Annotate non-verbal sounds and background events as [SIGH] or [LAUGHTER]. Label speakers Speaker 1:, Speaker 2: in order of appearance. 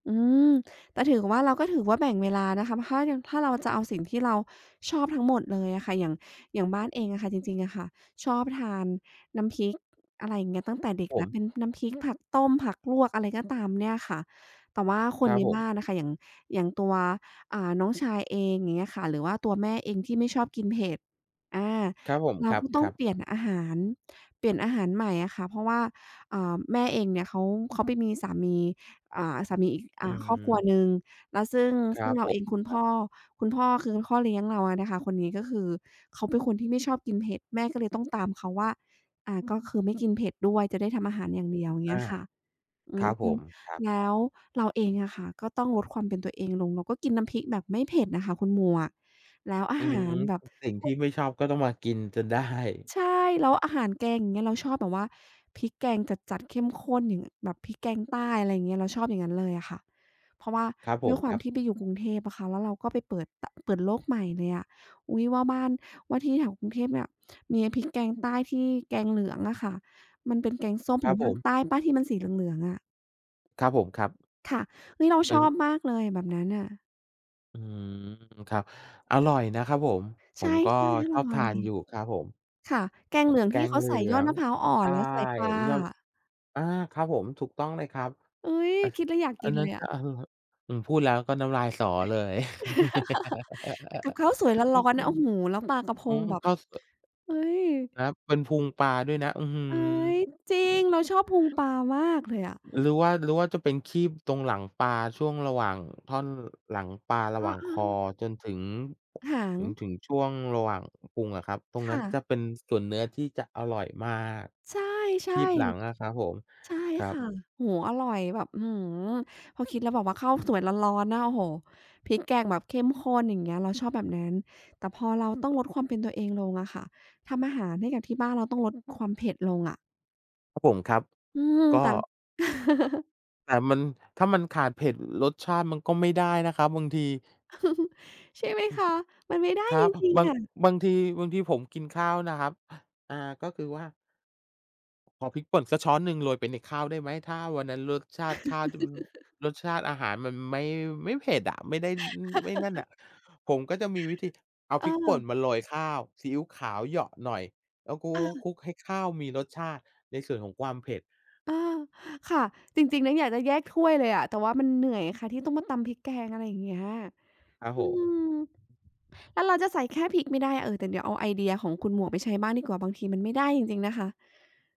Speaker 1: อืม แต่ถือว่า เราก็ถือว่าแบ่งเวลานะคะ ถ้ายัง ถ้าเราจะเอาสิ่งที่เราชอบทั้งหมดเลยอะค่ะ อย่าง อย่างบ้านเองอะค่ะจริง ๆ อะค่ะ ชอบทานน้ำพริก อะไรอย่างเงี้ย ตั้งแต่เด็ก
Speaker 2: ผ
Speaker 1: แล้ว
Speaker 2: ม
Speaker 1: เป็นน้ำพริกผักต้มผักลวก อะไรก็ตามเนี่ยค่ะ แต่ว่าค
Speaker 2: ค
Speaker 1: น
Speaker 2: รั
Speaker 1: ใ
Speaker 2: บ
Speaker 1: น
Speaker 2: ผ
Speaker 1: บ
Speaker 2: ม
Speaker 1: ้านอะค่ะ อย่าง อย่างตัว อ่า น้องชายเองอย่างเงี้ยค่ะ หรือว่าตัวแม่เองที่ไม่ชอบกินเผ็ด อา
Speaker 2: ครับผม
Speaker 1: เรา
Speaker 2: คร
Speaker 1: ก็ต้อง
Speaker 2: ับ
Speaker 1: เ
Speaker 2: ๆ
Speaker 1: ปลี่ยนอาหาร เปลี่ยนอาหารใหม่อะค่ะ เพราะว่า เอ่อ แม่เองเนี่ยเขา เขาไปมีสามี อ่า สามีอีก อ
Speaker 2: อ
Speaker 1: ่
Speaker 2: ื
Speaker 1: า ครอบครัว
Speaker 2: ม
Speaker 1: หนึ่ง แล้วซึ่ง
Speaker 2: คร
Speaker 1: ซึ
Speaker 2: ั
Speaker 1: ่ง
Speaker 2: บ
Speaker 1: เร
Speaker 2: ผ
Speaker 1: าเอ
Speaker 2: ม
Speaker 1: ง คุณ
Speaker 2: ค
Speaker 1: พ
Speaker 2: รั
Speaker 1: ่
Speaker 2: บ
Speaker 1: อ คุณพ่อ คือพ่อ เลี้ยงเราอะนะคะ คนนี้ ก็คือเขาเป็นคนที่ไม่ชอบกินเผ็ด แม่ก็เลยต้องตามเขาว่า อ่า ก็คือไม่กินเผ็ดด้วยจะได้ทำอาหารอย่างเดียว เ
Speaker 2: อ
Speaker 1: งี้
Speaker 2: า
Speaker 1: ยค่ะ อื
Speaker 2: ครั
Speaker 1: ม
Speaker 2: บผม ครับ
Speaker 1: แล้วเราเองอะค่ะ ก็ต้องลดความเป็นตัวเองลง เราก็กินน้ำพริกแบบไม่เผ็ดอะค่ะคุณหมวก แล้วอา
Speaker 2: อื
Speaker 1: หา
Speaker 2: ม
Speaker 1: รแบบ
Speaker 2: สิ่ง
Speaker 1: พ
Speaker 2: ท
Speaker 1: ว
Speaker 2: ี่
Speaker 1: ก
Speaker 2: ไม่ชอบก็ต้องมากินจนได้
Speaker 1: ใช่ แล้วอาหารแกงอย่างเงี้ย เราชอบแบบว่าพริกแกงจัด ๆ เข้มข้น อย่าง ง แบบพริกแกงใต้ อะไรอย่างเงี้ย เราชอบอย่างงั้นเลยอะค่ะ เพราะว่า
Speaker 2: ครับผ
Speaker 1: ด้ว
Speaker 2: ม
Speaker 1: ยคว
Speaker 2: ค
Speaker 1: า
Speaker 2: ร
Speaker 1: ม
Speaker 2: ับ
Speaker 1: ที่ไปอยู่กรุงเทพอะค่ะ แล้วเราก็ไปเปิด ต เปิดโลกใหม่เลยอะ อุ๊ย! ว่าบ้าน ว่าที่แถวกรุงเทพเนี่ย มีพริกแกงใต้ที่ แกงเหลืองอะค่ะ มันเป็นแกงส้ม
Speaker 2: คร
Speaker 1: ข
Speaker 2: ั
Speaker 1: อ
Speaker 2: บ
Speaker 1: ง
Speaker 2: ผ
Speaker 1: ภาค
Speaker 2: ม
Speaker 1: ใต้เปล่าที่มันสีเหลือง ๆ อะ?
Speaker 2: ครับผม ครับ
Speaker 1: ค่ะ เฮ้ย! เรา
Speaker 2: ต
Speaker 1: ช
Speaker 2: ึง
Speaker 1: อบมากเลยแบบนั้นน่ะ
Speaker 2: อืม ครับ อร่อยนะครับผม ผ
Speaker 1: ใช่
Speaker 2: มก็
Speaker 1: ๆ อ
Speaker 2: ชอบ
Speaker 1: ร่
Speaker 2: ท
Speaker 1: อ
Speaker 2: า
Speaker 1: ย
Speaker 2: นอยู่ครับผม
Speaker 1: ค่ะ แกงเหลือง
Speaker 2: แก
Speaker 1: ที่
Speaker 2: ง
Speaker 1: เขา
Speaker 2: เหลื
Speaker 1: ใส่ย
Speaker 2: อ
Speaker 1: อด
Speaker 2: ง
Speaker 1: มะพร้าวอ่อ
Speaker 2: ใช
Speaker 1: น
Speaker 2: ่
Speaker 1: แล้วใส่ปลา
Speaker 2: ยอด
Speaker 1: อะ
Speaker 2: อา ครับผม ถูกต้องเลยครับ
Speaker 1: เอ๊ย!
Speaker 2: อะ
Speaker 1: คิดแล้วอยาก
Speaker 2: อ
Speaker 1: ก
Speaker 2: ั
Speaker 1: ิ
Speaker 2: น
Speaker 1: น
Speaker 2: นั้
Speaker 1: เล
Speaker 2: น
Speaker 1: ยอ
Speaker 2: ก็
Speaker 1: ะ
Speaker 2: อร่อ อืม พูดแล้วก็น้ำลายสอเลย
Speaker 1: [LAUGHS] กับข้าวสวยร้อน ๆ น่ะ โอ้โฮ! แล้วปลา
Speaker 2: [LAUGHS]
Speaker 1: กะพ
Speaker 2: อื
Speaker 1: ง
Speaker 2: ม
Speaker 1: แบบ
Speaker 2: ก็คือ
Speaker 1: เอ๊ย!
Speaker 2: นะครับ เป็นพุงปลาด้วยนะ อื้อฮือ!
Speaker 1: เอ๊ย! จริง เราชอบพุงปลามากเลยอะ
Speaker 2: หรือว่า หรือว่า จะเป็นครีบตรงหลังปลาช่วงระหว่างท่อน หลังปลาระ
Speaker 1: อ
Speaker 2: ห
Speaker 1: ้
Speaker 2: ว
Speaker 1: อ
Speaker 2: ่าง
Speaker 1: อ
Speaker 2: ค
Speaker 1: า
Speaker 2: อ
Speaker 1: ๆ
Speaker 2: จนถึง
Speaker 1: หาง
Speaker 2: จนถึงช่วงระหว่างพุงอะครับ ตรง
Speaker 1: ค
Speaker 2: นั
Speaker 1: ่
Speaker 2: ้น
Speaker 1: ะ
Speaker 2: จะเป็นส่วนเนื้อที่จะอร่อยมาก
Speaker 1: ใช่
Speaker 2: คีบหลังอะครับผม
Speaker 1: ๆ ใช่
Speaker 2: ครั
Speaker 1: ค่
Speaker 2: บ
Speaker 1: ะ โอโฮ! อร่อยแบบ อื้อฮือ พอคิดแล้วแบบว่าข้าวสวยร้อน ๆ นะ โอ้โฮ! พริกแกงแบบเข้มข้นอย่างเงี้ย เราชอบแบบนั้น แต่พอเราต้องลดความเป็นตัวเองลงอะค่ะ ทำอาหารให้กับที่บ้านเราต้องลดความเผ็ดลงอะ
Speaker 2: ครับผม ครับ
Speaker 1: อืม
Speaker 2: ก็
Speaker 1: แต่ [LAUGHS]
Speaker 2: แต่มัน ถ้ามันขาดเผ็ด รสชาติมันก็ไม่ได้นะครับ บางที
Speaker 1: [LAUGHS] ใช่ไหม
Speaker 2: อื
Speaker 1: ค
Speaker 2: ม
Speaker 1: ะ มันไม่ได้
Speaker 2: ครั
Speaker 1: จ
Speaker 2: บ
Speaker 1: ริง
Speaker 2: บา
Speaker 1: ๆ อ
Speaker 2: ง
Speaker 1: ะ
Speaker 2: บางที บางทีผมกินข้าวนะครับ อ่า ก็คือว่า ขอพริกป่นสักช้อนหนึ่งโรยไปในข้าวได้ไหม ถ้าวันนั้นรสชาติข้าว
Speaker 1: [LAUGHS]
Speaker 2: รสชาติอาหารมันไม่ ไม่เผ็ดอะ ไม่ได้ ไม่นั่นน่
Speaker 1: [LAUGHS]
Speaker 2: ะ ผมก็จะมีวิธีเอา
Speaker 1: เ
Speaker 2: พริกป่น
Speaker 1: ออ
Speaker 2: มาโรยข้าว ซีอิ๊วขาวเหยาะหน่อย แล้วคล
Speaker 1: เออ
Speaker 2: ุก ๆ ๆ ๆ ให้ข้าวมีรสชาติในส่วนของความเผ็ด
Speaker 1: เออ ค่ะ จริง ๆ แล้วอยากจะแยกถ้วยเลยอะ แต่ว่ามันเหนื่อยค่ะ ที่ต้องมาตำพริกแกง อะไรอย่างเงี้ย
Speaker 2: ครับ
Speaker 1: อื
Speaker 2: ผ
Speaker 1: ม
Speaker 2: ม
Speaker 1: แล้วเราจะใส่แค่พริกไม่ได้ เอ่อ แต่เดี๋ยวเอาไอเดียของคุณหมวกไปใช้บ้างดีกว่า บางทีมันไม่ได้จริง ๆ นะคะ